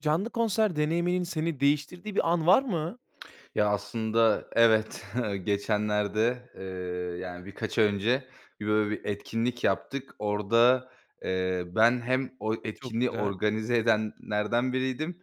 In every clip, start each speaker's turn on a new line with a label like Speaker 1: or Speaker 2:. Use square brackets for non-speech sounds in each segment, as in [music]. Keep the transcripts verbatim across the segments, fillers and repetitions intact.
Speaker 1: Canlı konser deneyiminin seni değiştirdiği bir an var mı?
Speaker 2: [clicks tongue] Ya, aslında evet. [chuckles] Geçenlerde, eee, yani, birkaç ay önce bir, böyle, bir etkinlik yaptık. Orada, eee, ben hem o
Speaker 1: Çok
Speaker 2: etkinliği
Speaker 1: güzel.
Speaker 2: organize edenlerden biriydim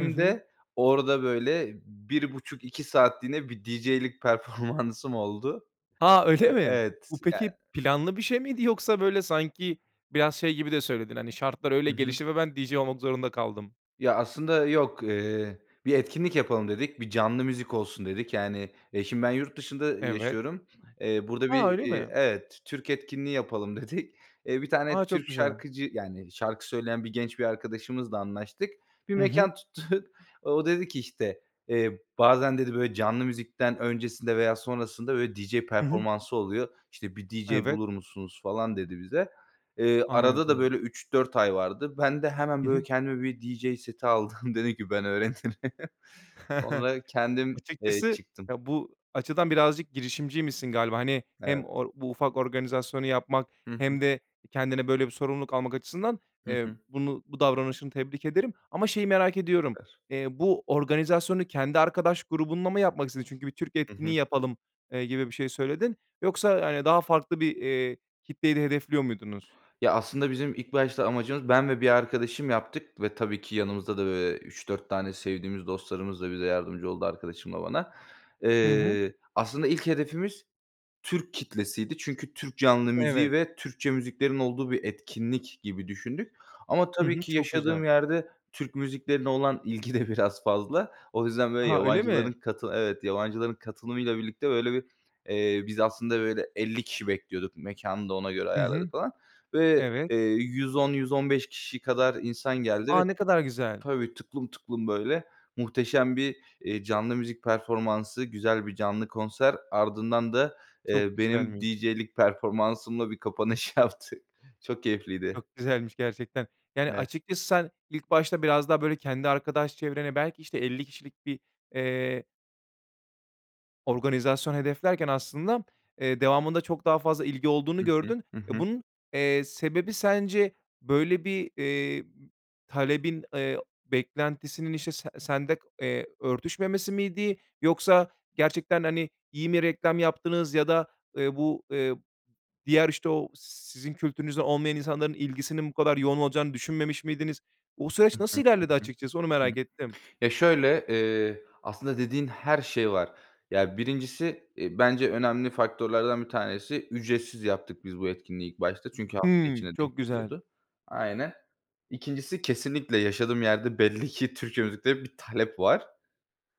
Speaker 1: Hı hı.
Speaker 2: de orada, böyle, bir buçuk iki saatliğine bir DJ'lik performansım oldu.
Speaker 1: A! Öyle
Speaker 2: Eee,
Speaker 1: mi? Bu
Speaker 2: evet. Yani.
Speaker 1: peki planlı bir şey miydi, yoksa, böyle, sanki biraz şey gibi de söyledin, hani, "Şartlar öyle
Speaker 2: Hı hı.
Speaker 1: gelişti ve ben DJ olmak zorunda kaldım."
Speaker 2: Ya, aslında yok. Eee, bir etkinlik yapalım dedik, bir canlı müzik olsun dedik. Yani, eee, şimdi, ben yurt dışında
Speaker 1: Evet.
Speaker 2: yaşıyorum, eee, burada bir,
Speaker 1: A! Öyle
Speaker 2: eee
Speaker 1: mi?
Speaker 2: Evet. Türk etkinliği yapalım dedik. Eee, bir
Speaker 1: A!
Speaker 2: tane
Speaker 1: Çok
Speaker 2: Türk
Speaker 1: güzel.
Speaker 2: şarkıcı, yani, şarkı söyleyen bir genç bir arkadaşımızla anlaştık, bir
Speaker 1: Hı hı.
Speaker 2: mekân tuttuk. O dedi ki, işte, eee, "Bazen" dedi, "böyle, canlı müzikten öncesinde veya sonrasında, böyle, DJ
Speaker 1: Hı hı.
Speaker 2: performansı oluyor. İşte, bir DJ
Speaker 1: Evet.
Speaker 2: bulur musunuz?" falan dedi bize. Eee, arada da,
Speaker 1: Anladım.
Speaker 2: böyle, üç dört ay vardı. Ben de hemen,
Speaker 1: Hı
Speaker 2: böyle,
Speaker 1: hı.
Speaker 2: kendime bir DJ seti aldım, dedim ki, "Ben öğrenirim." [chuckles]
Speaker 1: [chuckles]
Speaker 2: Onunla kendim, eee,
Speaker 1: Açıkçası,
Speaker 2: çıktım.
Speaker 1: ya, bu açıdan birazcık girişimciymişsin galiba. Hani,
Speaker 2: Evet.
Speaker 1: hem or bu ufak organizasyonu yapmak
Speaker 2: Hı hı.
Speaker 1: hem de kendine böyle bir sorumluluk almak açısından,
Speaker 2: Hı
Speaker 1: eee,
Speaker 2: hı.
Speaker 1: bunu bu davranışını tebrik ederim. Ama şeyi merak ediyorum,
Speaker 2: [unintelligible]
Speaker 1: eee, bu organizasyonu kendi arkadaş grubunla mı yapmak istedin? Çünkü "Bir Türk
Speaker 2: Hı hı.
Speaker 1: etkinliği yapalım." eee, gibi bir şey söyledin. Yoksa, hani, daha farklı bir, eee, kitleyi de hedefliyor muydunuz?
Speaker 2: Ya, aslında bizim ilk başta amacımız Ben ve bir arkadaşım yaptık ve tabii ki yanımızda da, böyle, üç dört tane sevdiğimiz dostlarımız da bize yardımcı oldu arkadaşımla bana.
Speaker 1: Hı hı.
Speaker 2: Eee, aslında ilk hedefimiz Türk kitlesiydi çünkü Türk canlı
Speaker 1: Evet.
Speaker 2: müziği ve Türkçe müziklerin olduğu bir etkinlik gibi düşündük. Ama
Speaker 1: Hı
Speaker 2: tabii
Speaker 1: hı.
Speaker 2: ki
Speaker 1: Çok
Speaker 2: yaşadığım
Speaker 1: güzel.
Speaker 2: yerde Türk müziklerine olan ilgi de biraz fazla. O yüzden, böyle,
Speaker 1: Aha, öyle mi?
Speaker 2: yabancıların katılı Evet. Yabancıların katılımıyla birlikte, böyle, bir, eee, biz aslında, böyle, elli kişi bekliyorduk, mekânı da ona göre
Speaker 1: Hı hı.
Speaker 2: ayarladık falan. Ve,
Speaker 1: Evet.
Speaker 2: eee, yüz on yüz on beş kişi kadar insan geldi
Speaker 1: A!
Speaker 2: ve
Speaker 1: Ne kadar güzel.
Speaker 2: Tabii. tıklım tıklım, böyle, muhteşem bir, eee, canlı müzik performansı, güzel bir canlı konser ardından da, eee,
Speaker 1: Çok
Speaker 2: benim
Speaker 1: güzelmiş.
Speaker 2: DJ'lik performansımla bir kapanış yaptık. Çok keyifliydi.
Speaker 1: Çok güzelmiş, gerçekten. Yani,
Speaker 2: Evet.
Speaker 1: açıkçası sen ilk başta biraz daha, böyle, kendi arkadaş çevrene belki, işte, elli kişilik bir, eee organizasyon hedeflerken aslında, eee, devamında çok daha fazla ilgi olduğunu
Speaker 2: Hı hı,
Speaker 1: gördün
Speaker 2: hı
Speaker 1: ve
Speaker 2: hı.
Speaker 1: bunun, eee, sebebi sence böyle bir, eee, talebin, eee, beklentisinin, işte, se sende, eee, örtüşmemesi miydi yoksa gerçekten, hani, iyi mi reklam yaptınız ya da, eee, bu, eee, diğer, işte, o si sizin kültürünüzden olmayan insanların ilgisinin bu kadar yoğun olacağını düşünmemiş miydiniz? O
Speaker 2: Hı
Speaker 1: süreç
Speaker 2: hı,
Speaker 1: nasıl
Speaker 2: hı
Speaker 1: ilerledi
Speaker 2: hı,
Speaker 1: açıkçası onu
Speaker 2: hı
Speaker 1: merak
Speaker 2: hı.
Speaker 1: ettim.
Speaker 2: Ya, şöyle, eee, aslında dediğin her şey var. Ya, birincisi, eee, bence önemli faktörlerden bir tanesi ücretsiz yaptık biz bu etkinliği ilk başta çünkü hafta
Speaker 1: Hıı,
Speaker 2: içine
Speaker 1: çok
Speaker 2: denk
Speaker 1: güzel.
Speaker 2: geliyordu. Aynen. İkincisi kesinlikle yaşadığım yerde belli ki Türkçe müziklere bir talep var.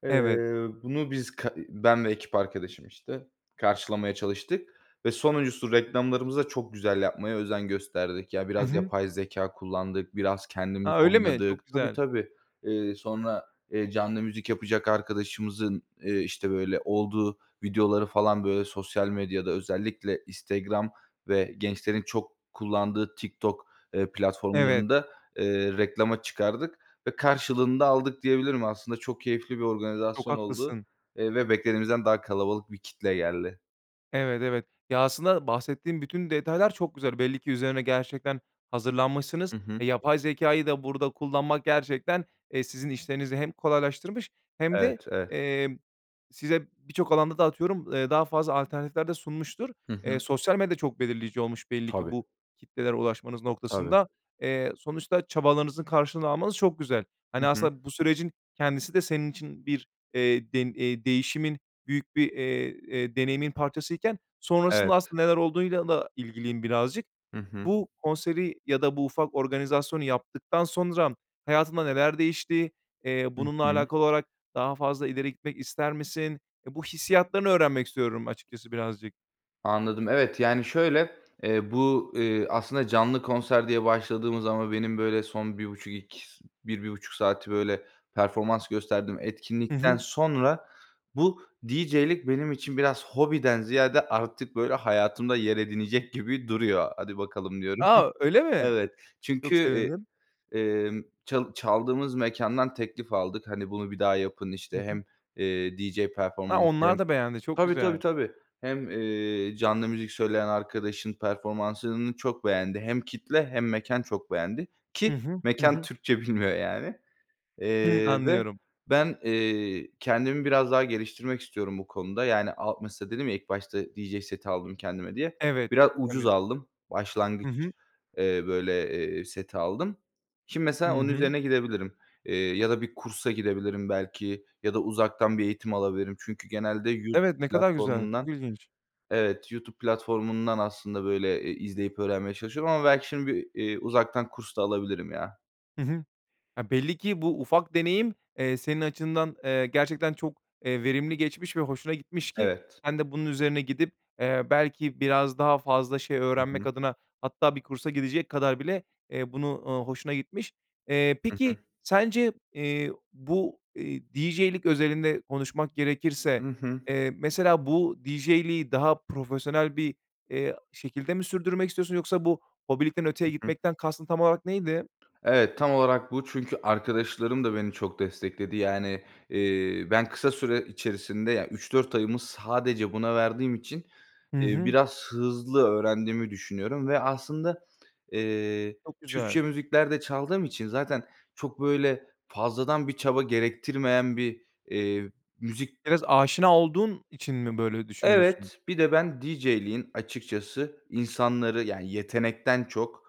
Speaker 2: Eee,
Speaker 1: Evet.
Speaker 2: bunu biz, ka eee, ben ve ekip arkadaşım, işte, karşılamaya çalıştık ve sonuncusu reklamlarımıza çok güzel yapmaya özen gösterdik. Ya,
Speaker 1: Hı
Speaker 2: biraz
Speaker 1: hı.
Speaker 2: yapay zekâ kullandık, biraz kendimiz
Speaker 1: A, öyle mi?
Speaker 2: oynadık.
Speaker 1: Çok
Speaker 2: Tabii,
Speaker 1: güzel.
Speaker 2: tabii, eee, sonra, eee, canlı müzik yapacak arkadaşımızın, eee, işte, böyle, olduğu videoları, falan, böyle, sosyal medyada, özellikle Instagram ve gençlerin çok kullandığı TikTok, eee,
Speaker 1: Evet.
Speaker 2: platformlarında, eee, reklama çıkardık ve karşılığını da aldık diyebilirim. Aslında çok keyifli bir
Speaker 1: Çok
Speaker 2: organizasyon oldu,
Speaker 1: haklısın.
Speaker 2: eee, ve beklediğimizden daha kalabalık bir kitle geldi.
Speaker 1: Evet, evet, ya, aslında bahsettiğin bütün detaylar çok güzel. Belli ki üzerine gerçekten hazırlanmışsınız.
Speaker 2: Hı hı.
Speaker 1: Yapay zekâyı da burada kullanmak gerçekten, eee, sizin işlerinizi hem kolaylaştırmış hem de,
Speaker 2: Evet, evet.
Speaker 1: emm, size birçok alanda da, atıyorum, eee, daha fazla alternatifler de sunmuştur.
Speaker 2: Hı
Speaker 1: Eee,
Speaker 2: hı.
Speaker 1: sosyal medya çok belirleyici olmuş belli ki
Speaker 2: Tabii.
Speaker 1: bu kitlelere ulaşmanız
Speaker 2: Tabii.
Speaker 1: noktasında. Eee, sonuçta çabalarınızın karşılığını almanız çok güzel.
Speaker 2: Hı
Speaker 1: Hani,
Speaker 2: hı.
Speaker 1: aslında bu sürecin kendisi de senin için bir, eee, dem eee, değişimin büyük bir, eee, eee, deneyimin parçasıyken sonrasında
Speaker 2: Evet.
Speaker 1: aslında neler olduğuyla da ilgiliyim birazcık.
Speaker 2: Hı hı.
Speaker 1: Bu konseri ya da bu ufak organizasyonu yaptıktan sonra hayatında neler değişti? Eee,
Speaker 2: Hı
Speaker 1: bununla
Speaker 2: hı.
Speaker 1: alakalı olarak daha fazla ileri gitmek ister misin? Bu hissiyatlarını öğrenmek istiyorum açıkçası birazcık.
Speaker 2: Anladım. Evet, yani, şöyle, eee, bu, eee, aslında canlı konser diye başladığımız ama benim, böyle, son bir buçuk iki s bir bir buçuk saati, böyle, performans gösterdiğim
Speaker 1: Hı
Speaker 2: etkinlikten
Speaker 1: hı.
Speaker 2: sonra bu DJ'lik benim için biraz hobiden ziyade artık, böyle, hayatımda yer edinecek gibi duruyor. "Hadi bakalım." diyorum.
Speaker 1: A! Öyle
Speaker 2: [giggles]
Speaker 1: mi,
Speaker 2: Evet, çünkü,
Speaker 1: çok
Speaker 2: eee,
Speaker 1: sevindim.
Speaker 2: emm, çal çaldığımız mekândan teklif aldık, hani, "Bunu bir daha yapın."
Speaker 1: Hı
Speaker 2: işte,
Speaker 1: hı.
Speaker 2: hem, eee, DJ
Speaker 1: Ha,
Speaker 2: performansı hem
Speaker 1: onlar da beğendi, çok
Speaker 2: Tabii, tabii,
Speaker 1: güzel.
Speaker 2: tabii. Hem, eee, canlı müzik söyleyen arkadaşın performansını çok beğendi. Hem kitle hem mekân çok beğendi
Speaker 1: Hı
Speaker 2: ki
Speaker 1: hı, hı
Speaker 2: mekân
Speaker 1: hı.
Speaker 2: Türkçe bilmiyor, yani.
Speaker 1: Hı,
Speaker 2: Eee, ve
Speaker 1: anlıyorum.
Speaker 2: ben, eee, kendimi biraz daha geliştirmek istiyorum bu konuda, yani, a mesela, dedim ya, "İlk başta DJ seti aldım kendime," diye,
Speaker 1: Evet,
Speaker 2: biraz ucuz
Speaker 1: tabii.
Speaker 2: aldım,
Speaker 1: Hı
Speaker 2: başlangıç,
Speaker 1: hı.
Speaker 2: eee, böyle, eee, seti aldım. Şimdi,
Speaker 1: Hı
Speaker 2: mesela, onun
Speaker 1: hı.
Speaker 2: üzerine gidebilirim, eee, ya da bir kursa gidebilirim belki ya da uzaktan bir eğitim alabilirim çünkü genelde YouTube
Speaker 1: Evet, ne kadar güzel, çok
Speaker 2: platformundan
Speaker 1: ilginç.
Speaker 2: Evet, YouTube platformundan aslında, böyle, eee, izleyip öğrenmeye çalışıyorum ama belki şimdi bir, eee, uzaktan kurs da alabilirim, ya.
Speaker 1: Hı hı. Ya, belli ki bu ufak deneyim, eee, senin açından, eee, gerçekten çok, eee, verimli geçmiş ve hoşuna gitmiş ki
Speaker 2: Evet.
Speaker 1: sen de bunun üzerine gidip, eee, belki biraz daha fazla şey
Speaker 2: Hı
Speaker 1: öğrenmek
Speaker 2: hı.
Speaker 1: adına hatta bir kursa gidecek kadar bile, eee, bunu, eee, hoşuna gitmiş. Eee,
Speaker 2: Hı
Speaker 1: peki
Speaker 2: hı.
Speaker 1: sence, eee, bu, eee, DJ'lik özelinde konuşmak gerekirse,
Speaker 2: Hı hı.
Speaker 1: eee, mesela, bu DJ'liği daha profesyonel bir, eee, şekilde mi sürdürmek istiyorsun yoksa bu hobilikten öteye
Speaker 2: Hı hı.
Speaker 1: gitmekten kastın tam olarak neydi?
Speaker 2: Evet, tam olarak bu çünkü arkadaşlarım da beni çok destekledi. Yani, eee, ben kısa süre içerisinde, yani, üç dört ayımı sadece buna verdiğim için,
Speaker 1: Hı
Speaker 2: eee,
Speaker 1: hı.
Speaker 2: biraz hızlı öğrendiğimi düşünüyorum ve aslında, eee,
Speaker 1: Çok
Speaker 2: Türkçe
Speaker 1: güzel.
Speaker 2: müzikler de çaldığım için zaten çok, böyle, fazladan bir çaba gerektirmeyen bir, eee, müzik
Speaker 1: Biraz aşina olduğun için mi böyle düşünüyorsun?
Speaker 2: Evet, bir de ben DJ'liğin açıkçası insanları, yani, yetenekten çok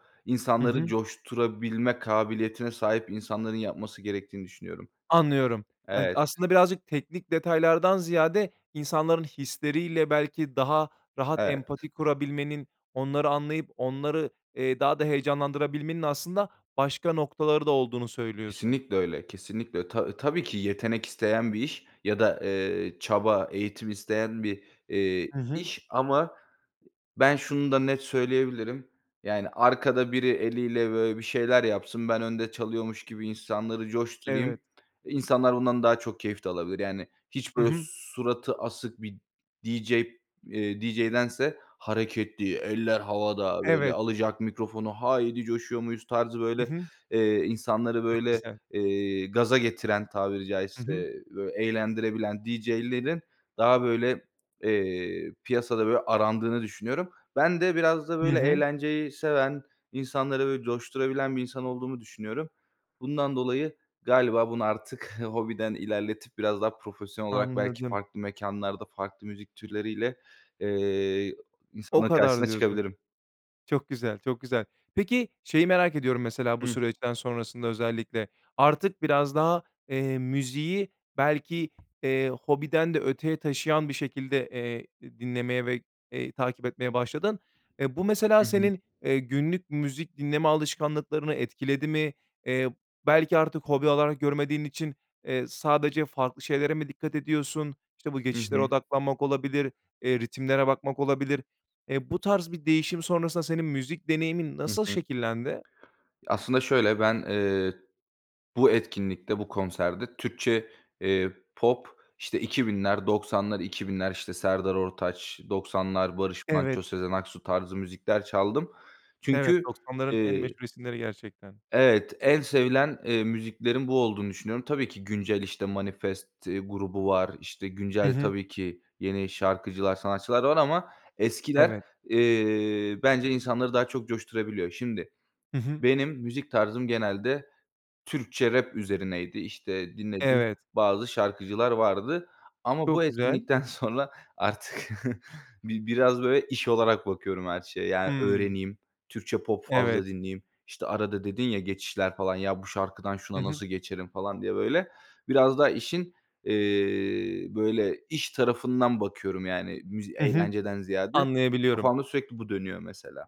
Speaker 1: Hı
Speaker 2: insanları
Speaker 1: hı.
Speaker 2: coşturabilme kabiliyetine sahip insanların yapması gerektiğini düşünüyorum.
Speaker 1: Anlıyorum, hani,
Speaker 2: Evet.
Speaker 1: aslında birazcık teknik detaylardan ziyade insanların hisleriyle, belki, daha rahat
Speaker 2: Evet.
Speaker 1: empati kurabilmenin, onları anlayıp onları, eee, daha da heyecanlandırabilmenin aslında başka noktaları da olduğunu söylüyorsun.
Speaker 2: Kesinlikle öyle kesinlikle ö ta tabii ki yetenek isteyen bir iş ya da, eee, çaba, eğitim isteyen bir, eee,
Speaker 1: Hı hı.
Speaker 2: iş ama ben şunu da net söyleyebilirim. Yani, arkada biri eliyle, böyle, bir şeyler yapsın ben önde çalıyormuş gibi insanları coşturayım
Speaker 1: Evet.
Speaker 2: insanlar bundan daha çok keyif de alabilir, yani, hiç,
Speaker 1: Hı
Speaker 2: böyle,
Speaker 1: hı.
Speaker 2: suratı asık bir DJ, eee, DJ'dense hareketli eller havada, böyle,
Speaker 1: Evet.
Speaker 2: alacak mikrofonu "Haydi coşuyor muyuz?" tarzı,
Speaker 1: Hı
Speaker 2: böyle,
Speaker 1: hı.
Speaker 2: eee, insanları,
Speaker 1: Çok
Speaker 2: böyle,
Speaker 1: güzel.
Speaker 2: eee, gaza getiren tabiri
Speaker 1: Hı
Speaker 2: caizse,
Speaker 1: hı.
Speaker 2: eee, eğlendirebilen DJ'lerin daha, böyle, eee, piyasada, böyle, arandığını düşünüyorum. Ben de biraz da,
Speaker 1: Hı
Speaker 2: böyle,
Speaker 1: hı.
Speaker 2: eğlenceyi seven, insanları, böyle, coşturabilen bir insan olduğumu düşünüyorum. Bundan dolayı galiba bunu artık hobiden ilerletip biraz daha profesyonel olarak belki
Speaker 1: Anladım.
Speaker 2: farklı mekânlarda, farklı müzik türleriyle, eee, ı
Speaker 1: O
Speaker 2: insanların
Speaker 1: kadar
Speaker 2: karşısına
Speaker 1: diyorsun.
Speaker 2: çıkabilirim.
Speaker 1: Çok güzel, çok güzel. Peki, şeyi merak ediyorum, mesela, bu
Speaker 2: Hı.
Speaker 1: süreçten sonrasında özellikle. Artık biraz daha, eee, müziği belki, eee, hobiden de öteye taşıyan bir şekilde, eee, di dinlemeye ve, eee, takip etmeye başladın. Eee, bu, mesela,
Speaker 2: Hı hı.
Speaker 1: senin, eee, günlük müzik dinleme alışkanlıklarını etkiledi mi? Eee, belki artık hobi alarak görmediğin için, eee, sadece farklı şeylere mi dikkat ediyorsun, işte, bu
Speaker 2: Hı hı.
Speaker 1: geçişlere odaklanmak olabilir, eee, ritimlere bakmak olabilir. Eee, bu tarz bir değişim sonrasında senin müzik deneyimin
Speaker 2: Hı
Speaker 1: nasıl
Speaker 2: hı.
Speaker 1: şekillendi?
Speaker 2: Aslında, şöyle, ben, eee, bu etkinlikte bu konserde Türkçe, eee, pop, işte, iki binler doksanlar iki binler, işte, Serdar Ortaç doksanlar Barış Manço,
Speaker 1: Evet.
Speaker 2: Sezen Aksu tarzı müzikler çaldım.
Speaker 1: Evet,
Speaker 2: Çünkü,
Speaker 1: doksanların en
Speaker 2: eee
Speaker 1: meşhur isimleri gerçekten.
Speaker 2: evet, en sevilen, eee, müziklerin bu olduğunu düşünüyorum. Tabii ki güncel, işte, Manifest grubu var, işte,
Speaker 1: Hı
Speaker 2: güncel
Speaker 1: hı.
Speaker 2: tabii ki yeni şarkıcılar, sanatçılar var ama eskiler,
Speaker 1: Evet.
Speaker 2: eee, bence insanları daha çok coşturabiliyor. Şimdi
Speaker 1: Hı hı.
Speaker 2: benim müzik tarzım genelde Türkçe rap üzerineydi, işte, dinlediğim
Speaker 1: Evet.
Speaker 2: bazı şarkıcılar vardı ama bu
Speaker 1: Çok güzel.
Speaker 2: etkinlikten sonra artık bi biraz, böyle, iş olarak bakıyorum her şeye, yani,
Speaker 1: Hıı.
Speaker 2: öğreneyim. Türkçe pop fazla
Speaker 1: Evet.
Speaker 2: dinleyeyim, işte, arada dedin ya geçişler, falan, ya "Bu şarkıdan
Speaker 1: Hı
Speaker 2: şuna
Speaker 1: hı.
Speaker 2: nasıl geçerim?" falan diye, böyle, biraz daha işin, eee, böyle, iş tarafından bakıyorum, yani, müz
Speaker 1: Hı hı,
Speaker 2: eğlenceden ziyade
Speaker 1: anlayabiliyorum.
Speaker 2: kafamda sürekli bu dönüyor, mesela.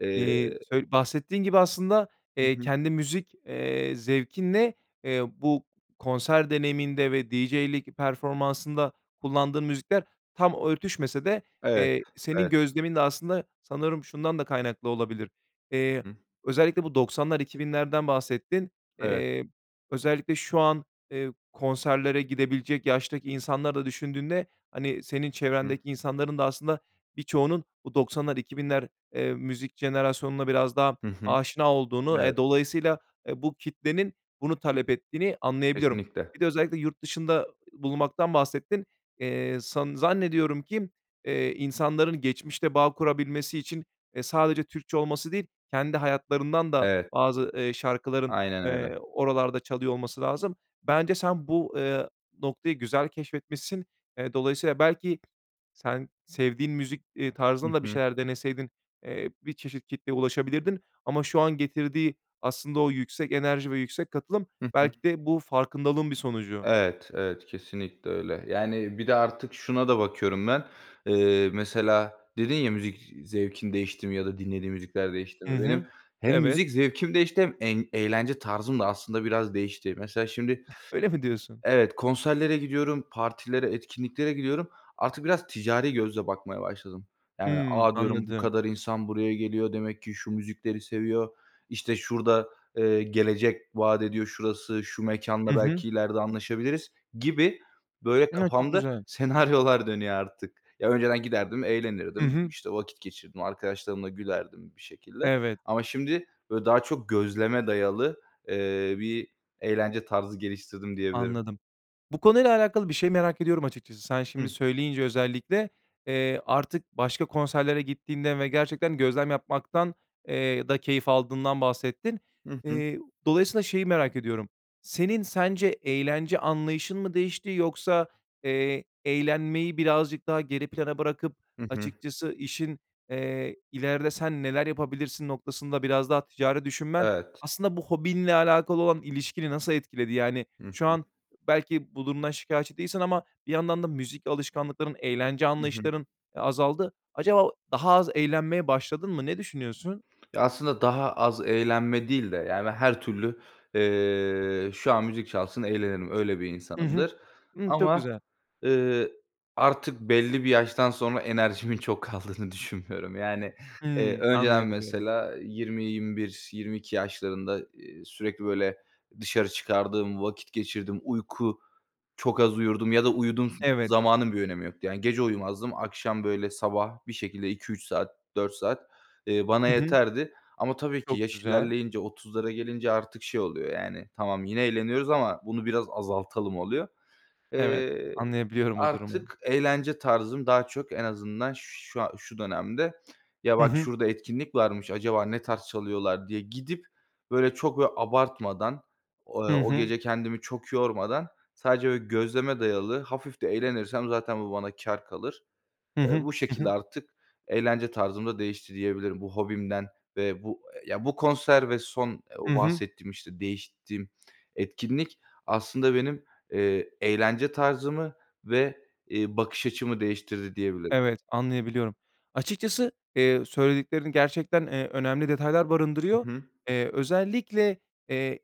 Speaker 2: Eee
Speaker 1: Eee, sö bahsettiğin gibi aslında,
Speaker 2: Hı
Speaker 1: eee,
Speaker 2: hı.
Speaker 1: kendi müzik, eee, zevkinle, eee, bu konser deneyiminde ve DJ'lik performansında kullandığın müzikler tam örtüşmese de,
Speaker 2: Evet,
Speaker 1: eee, senin
Speaker 2: evet.
Speaker 1: gözlemin de aslında sanırım şundan da kaynaklı olabilir. Eee,
Speaker 2: Hı hı.
Speaker 1: özellikle bu doksanlar iki binlerden bahsettin.
Speaker 2: Evet.
Speaker 1: Eee, özellikle şu an, eee, konserlere gidebilecek yaştaki insanları da düşündüğünde, hani, senin
Speaker 2: Hı hı.
Speaker 1: çevrendeki insanların da aslında birçoğunun bu doksanlar iki binler eee, müzik jenerasyonuna biraz daha
Speaker 2: Hı hı.
Speaker 1: aşina olduğunu, eee,
Speaker 2: Evet.
Speaker 1: dolayısıyla, eee, bu kitlenin bunu talep ettiğini anlayabiliyorum.
Speaker 2: Kesinlikle.
Speaker 1: Bir de özellikle yurt dışında ı bulunmaktan bahsettin. Eee, san zannediyorum ki, eee, insanların geçmişte bağ kurabilmesi için, eee, sadece Türkçe olması değil, kendi hayatlarından da
Speaker 2: Evet.
Speaker 1: bazı, eee, şarkıların,
Speaker 2: Aynen öyle.
Speaker 1: eee, oralarda çalıyor olması lazım. Bence sen bu, eee, noktayı güzel keşfetmişsin. Eee, dolayısıyla belki sen sevdiğin müzik, eee,
Speaker 2: Hı
Speaker 1: tarzında da bir
Speaker 2: hı.
Speaker 1: şeyler deneseydin, eee, bir çeşit kitleye ulaşabilirdin ama şu an getirdiği aslında o yüksek enerji ve yüksek katılım
Speaker 2: Hı hı.
Speaker 1: belki de bu farkındalığın bir sonucu.
Speaker 2: Evet, evet, kesinlikle öyle, yani, bir de artık şuna da bakıyorum ben. Eee, mesela, dedin ya, müzik zevkin değişti mi ya da dinlediğin müzikler değişti
Speaker 1: Hı
Speaker 2: mi? Benim
Speaker 1: hı.
Speaker 2: hem
Speaker 1: Evet.
Speaker 2: müzik zevkim değişti hem en eğlence tarzım da aslında biraz değişti. Mesela şimdi,
Speaker 1: [giggles] Öyle mi diyorsun?
Speaker 2: evet, konserlere gidiyorum, partilere, etkinliklere gidiyorum, artık biraz ticari gözle bakmaya başladım. Yani,
Speaker 1: Hıı,
Speaker 2: a, diyorum bu
Speaker 1: anladım.
Speaker 2: kadar insan buraya geliyor demek ki şu müzikleri seviyor, işte, şurada, eee, gelecek vaat ediyor şurası, şu
Speaker 1: Hı
Speaker 2: mekânla
Speaker 1: hı.
Speaker 2: belki ileride anlaşabiliriz gibi, böyle,
Speaker 1: Ha, çok
Speaker 2: kafamda
Speaker 1: güzel.
Speaker 2: senaryolar dönüyor artık. Ya, önceden giderdim
Speaker 1: Hı
Speaker 2: eğlenirdim,
Speaker 1: hı.
Speaker 2: işte, vakit geçirirdim, arkadaşlarımla gülerdim bir şekilde
Speaker 1: Evet.
Speaker 2: ama şimdi, böyle, daha çok gözleme dayalı, eee, bir eğlence tarzı geliştirdim diyebilirim.
Speaker 1: Anladım. Bu konuyla alakalı bir şey merak ediyorum açıkçası. Sen şimdi
Speaker 2: Hı.
Speaker 1: söyleyince özellikle, eee, artık başka konserlere gittiğinden ve gerçekten gözlem yapmaktan eee, da keyif aldığından bahsettin.
Speaker 2: Hı hı.
Speaker 1: Eee, dolayısıyla şeyi merak ediyorum. Senin sence eğlence anlayışın mı değişti yoksa, eee, eğlenmeyi birazcık daha geri plana bırakıp
Speaker 2: Hı hı.
Speaker 1: açıkçası işin, eee, ilerde sen neler yapabilirsin noktasında biraz daha ticari düşünmen,
Speaker 2: Evet.
Speaker 1: aslında, bu hobinle alakalı olan ilişkini nasıl etkiledi? Yani,
Speaker 2: Hı
Speaker 1: şu
Speaker 2: hı.
Speaker 1: an belki bu durumdan şikâyetçi değilsin ama bir yandan da müzik alışkanlıkların, eğlence
Speaker 2: Hı hı.
Speaker 1: anlayışların, eee, azaldı. Acaba daha az eğlenmeye başladın mı? Ne düşünüyorsun?
Speaker 2: Ya, aslında daha az eğlenme değil de, yani, her türlü, eee, şu an müzik çalsın eğlenirim, öyle bir
Speaker 1: Hı hı.
Speaker 2: insanımdır.
Speaker 1: Hı, çok
Speaker 2: Ama,
Speaker 1: güzel.
Speaker 2: eee, artık belli bir yaştan sonra enerjimin çok kaldığını düşünmüyorum. Yani, eee,
Speaker 1: Hıı,
Speaker 2: önceden,
Speaker 1: anlayabiliyorum.
Speaker 2: mesela, yirmi yirmi bir, yirmi iki yaşlarında, eee, sürekli, böyle, dışarı çıkardım vakit geçirirdim, uyku çok az uyurdum ya da uyuduğum
Speaker 1: Evet.
Speaker 2: zamanın bir önemi yoktu, yani, gece uyumazdım akşam, böyle, sabah bir şekilde iki üç saat dört saat, eee, bana
Speaker 1: Hı hı.
Speaker 2: yeterdi ama tabii ki
Speaker 1: Çok
Speaker 2: yaş
Speaker 1: güzel.
Speaker 2: ilerleyince otuzlara gelince artık şey oluyor, yani, "Tamam yine eğleniyoruz ama bunu biraz azaltalım," oluyor.
Speaker 1: Evet,
Speaker 2: Eee,
Speaker 1: anlayabiliyorum o durumu.
Speaker 2: artık eğlence tarzım daha çok en azından şu a şu dönemde "Ya
Speaker 1: Hı
Speaker 2: bak
Speaker 1: hı.
Speaker 2: şurada etkinlik varmış acaba ne tarz çalıyorlar?" diye gidip, böyle, çok, böyle, abartmadan o
Speaker 1: Hı
Speaker 2: o
Speaker 1: hı.
Speaker 2: gece kendimi çok yormadan sadece, böyle, gözleme dayalı hafif de eğlenirsem zaten bu bana kâr kalır.
Speaker 1: Hı
Speaker 2: Eee,
Speaker 1: hı,
Speaker 2: bu
Speaker 1: hı
Speaker 2: şekilde
Speaker 1: hı.
Speaker 2: artık eğlence tarzım da değişti diyebilirim bu hobimden ve bu, eee, ya, bu konser ve son
Speaker 1: Hı
Speaker 2: o
Speaker 1: hı.
Speaker 2: bahsettiğim, işte, değiştiğim etkinlik aslında benim, eee, eğlence tarzımı ve, eee, bakış açımı değiştirdi diyebilirim.
Speaker 1: Evet, anlayabiliyorum. Açıkçası, eee, söylediklerin gerçekten, eee, önemli detaylar
Speaker 2: Hı
Speaker 1: barındırıyor.
Speaker 2: hı.
Speaker 1: Eee, özellikle, eee,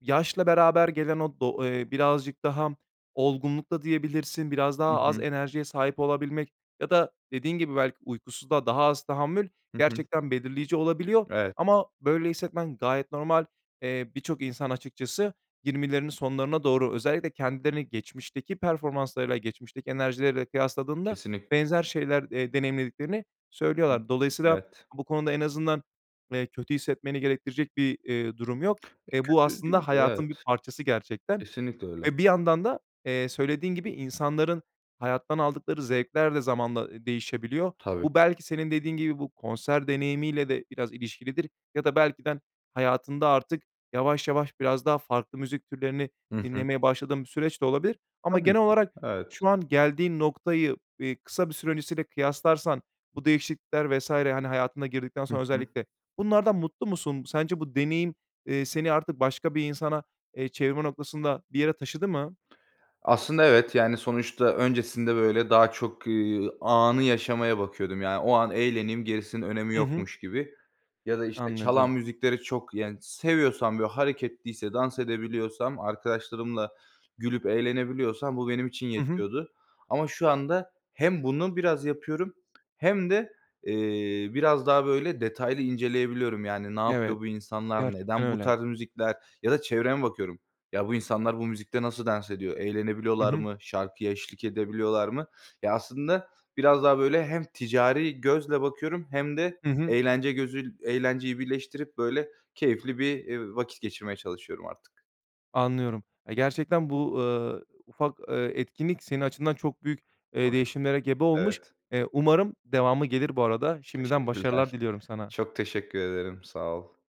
Speaker 1: yaşla beraber gelen o do eee, birazcık daha olgunlukta diyebilirsin. Biraz
Speaker 2: Hı
Speaker 1: daha az
Speaker 2: hı.
Speaker 1: enerjiye sahip olabilmek ya da dediğin gibi belki uykusuzluğa daha az tahammül
Speaker 2: Hı hı.
Speaker 1: gerçekten belirleyici olabiliyor
Speaker 2: Evet.
Speaker 1: ama böyle hissetmen gayet normal. Eee, birçok insan açıkçası yirmilerinin sonlarına doğru özellikle kendilerini geçmişteki performanslarıyla, geçmişteki enerjileriyle kıyasladığında
Speaker 2: Kesinlikle.
Speaker 1: benzer şeyler, eee, deneyimlediklerini söylüyorlar. Dolayısıyla
Speaker 2: Evet.
Speaker 1: bu konuda en azından, [swallows] eee, kötü hissetmeni gerektirecek bir, eee, durum yok.
Speaker 2: E,
Speaker 1: Eee, bu
Speaker 2: kötü
Speaker 1: aslında
Speaker 2: değil de,
Speaker 1: hayatın bir
Speaker 2: evet.
Speaker 1: parçası gerçekten
Speaker 2: Kesinlikle öyle.
Speaker 1: ve bir yandan da, eee, söylediğin gibi insanların hayattan aldıkları zevkler de zamanla, ııı, değişebiliyor.
Speaker 2: Tabii.
Speaker 1: Bu belki senin dediğin gibi bu konser deneyimiyle de biraz ilişkilidir ya da belki de ha hayatında artık yavaş yavaş biraz daha farklı müzik türlerini
Speaker 2: Hı hı.
Speaker 1: dinlemeye başladığın bir süreç de olabilir ama
Speaker 2: Tabii
Speaker 1: genel
Speaker 2: ki,
Speaker 1: olarak
Speaker 2: evet.
Speaker 1: şu an geldiğin noktayı, eee, kısa bir süre öncesiyle kıyaslarsan bu değişiklikler vs. hani, hayatına girdikten
Speaker 2: Hı
Speaker 1: sonra
Speaker 2: hı.
Speaker 1: özellikle bunlardan mutlu musun? Sence bu deneyim, eee, seni artık başka bir insana, eee, çevirme noktasında bir yere taşıdı mı?
Speaker 2: Aslında evet, yani, sonuçta öncesinde, böyle, daha çok, eee, anı yaşamaya bakıyordum, yani, o an eğleneyim gerisinin önemi
Speaker 1: Hı hı.
Speaker 2: yokmuş gibi ya da, işte,
Speaker 1: Anladım.
Speaker 2: çalan müzikleri çok, yani, seviyorsam, böyle, hareketliyse dans edebiliyorsam arkadaşlarımla gülüp eğlenebiliyorsam bu benim için
Speaker 1: Hı hı.
Speaker 2: yetiyordu. Ama şu anda hem bunu biraz yapıyorum hem de, eee, biraz daha, böyle, detaylı inceleyebiliyorum, yani, "Ne
Speaker 1: Evet,
Speaker 2: yapıyor bu insanlar,
Speaker 1: gerçekten
Speaker 2: neden bu
Speaker 1: öyle.
Speaker 2: tarz müzikler?" ya da çevreme bakıyorum. "Ya, bu insanlar bu müzikte nasıl dans ediyor,
Speaker 1: Hı
Speaker 2: eğlenebiliyorlar
Speaker 1: hı.
Speaker 2: mı, şarkıya eşlik edebiliyorlar mı?" Ya, aslında biraz daha, böyle, hem ticari gözle bakıyorum hem de
Speaker 1: Hı hı.
Speaker 2: eğlence gözü eğlenceyi birleştirip, böyle, keyifli bir, eee, vakit geçirmeye çalışıyorum artık.
Speaker 1: Anlıyorum, eee, gerçekten bu, eee, ufak, eee, etkinlik senin açından çok büyük, eee,
Speaker 2: Tabii.
Speaker 1: değişimlere gebe olmuş,
Speaker 2: Evet.
Speaker 1: eee, umarım devamı gelir, bu arada, şimdiden, başarılar
Speaker 2: Teşekkürler.
Speaker 1: diliyorum sana.
Speaker 2: Çok teşekkür ederim. Sağ ol.